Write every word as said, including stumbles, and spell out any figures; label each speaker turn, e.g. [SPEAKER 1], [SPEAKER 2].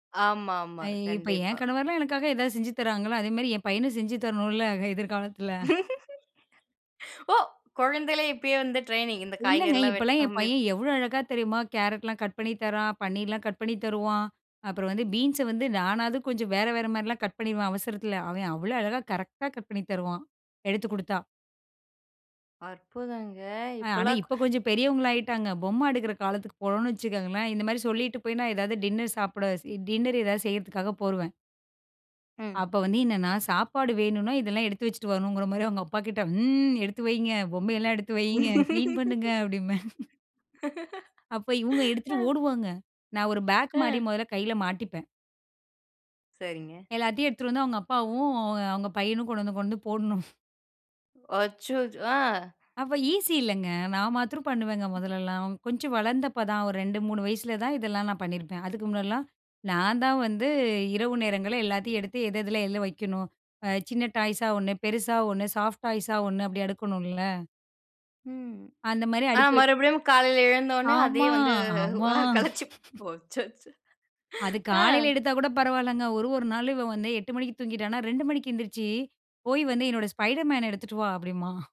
[SPEAKER 1] ஆமாமா,
[SPEAKER 2] ஐ இப்போ என்
[SPEAKER 1] கண்டிப்பா.
[SPEAKER 2] கணவர்லாம் எனக்காக ஏதாவது செஞ்சு தராங்களா, அதேமாரி என் பையனும் செஞ்சு தரணுல எதிர்காலத்தில.
[SPEAKER 1] ஓ! குழந்தையிலே இப்பயே வந்து டிரெய்னிங் இந்த காய்கறி
[SPEAKER 2] இல்லைங்க,
[SPEAKER 1] எல்லாம்
[SPEAKER 2] இப்போலாம் என்
[SPEAKER 1] வெட்டுற
[SPEAKER 2] பையன் எவ்வளோ அழகா தெரியுமா, கேரட்லாம் கட் பண்ணி தரான். பன்னீர்லாம் கட் பண்ணி தருவான். அப்புறம் வந்து பீன்ஸை வந்து நானாவது கொஞ்சம் வேற, வேற மாரிலாம் கட் பண்ணிருவேன் அவசரத்தில. அவன் அவ்வள அழகா கரெக்ட்டா கட் பண்ணி தருவான், எடுத்துக் குடுத்தா.
[SPEAKER 1] அற்புதங்க
[SPEAKER 2] அ, ஆனா
[SPEAKER 1] இப்போலாம்
[SPEAKER 2] இப்போ கொஞ்சம் பெரியவங்களா ஆகிட்டாங்க. பொம்மை எடுக்கிற காலத்துக்கு போனோம்னு வச்சுக்கங்களேன், இந்த மாதிரி சொல்லிட்டு போய் நான் ஏதாவது டின்னர் சாப்பிட டின்னர் எதாவது செய்கிறதுக்காக போருவேன்
[SPEAKER 1] ம்.
[SPEAKER 2] அப்போ வந்து என்னன்னா சாப்பாடு வேணும்னா, இதெல்லாம் எடுத்து வச்சுட்டு வரணும்ங்கிற மாதிரி அவங்க அப்பா கிட்ட, "ம்ம் எடுத்து வைங்க, பொம்மை எல்லாம் எடுத்து வையுங்க, கிளீன் பண்ணுங்க" அப்படின்பேன். அப்போ இவங்க எடுத்துட்டு ஓடுவாங்க. நான் ஒரு பாக் மாரி
[SPEAKER 1] அ.
[SPEAKER 2] மொதல்ல கையில மாட்டிப்பேன்.
[SPEAKER 1] சரிங்க.
[SPEAKER 2] எல்லாத்தையும் எடுத்துட்டு வந்து அவங்க அப்பாவும், அவங்க பையனும் கொண்டு வந்து கொண்டு வந்து போடணும்.
[SPEAKER 1] அச்சோ! அ.
[SPEAKER 2] அப்போ ஈஸி இல்லைங்க. நான் மாத்தறம் பண்ணுவேங்க மொதல்லலாம். கொஞ்சம் வளர்ந்தப்போ தான் ஒரு ரெண்டு, மூணு வயசில தான் இதெல்லாம் நான் பண்ணியிருப்பேன். அதுக்கு முன்னாடிலாம் நான் தான் வந்து இரவு நேரங்கள்ல எல்லாத்தையும் எடுத்து, எது எதில எல்லு வைக்கணும். சின்ன டாய்ஸா ஒண்ணு, பெருசா ஒண்ணு, சாஃப்ட் டாய்ஸா ஒண்ணு அப்படி அடுக்கணும்ல.
[SPEAKER 1] ம்,
[SPEAKER 2] அந்த மாதிரி
[SPEAKER 1] அ
[SPEAKER 2] அடிக்க வை
[SPEAKER 1] மறுபடியும் காலைல எழுந்தோனே, அதே
[SPEAKER 2] ஆமா,
[SPEAKER 1] வந்து
[SPEAKER 2] ஆமா.
[SPEAKER 1] அ கலைச்சி போ அச்சச்சோ,
[SPEAKER 2] அது காலையில
[SPEAKER 1] அ.
[SPEAKER 2] எடுத்தா கூட பரவாயில்லங்க. ஒரு ஒரு நாளும், "இவன் வந்து எட்டு மணிக்கு தூங்கிட்டானா ரெண்டு மணிக்கு எந்திரிச்சி, போய் வந்து என்னோட Spidermanன எடுத்துட்டு வா" அப்படின்பான்.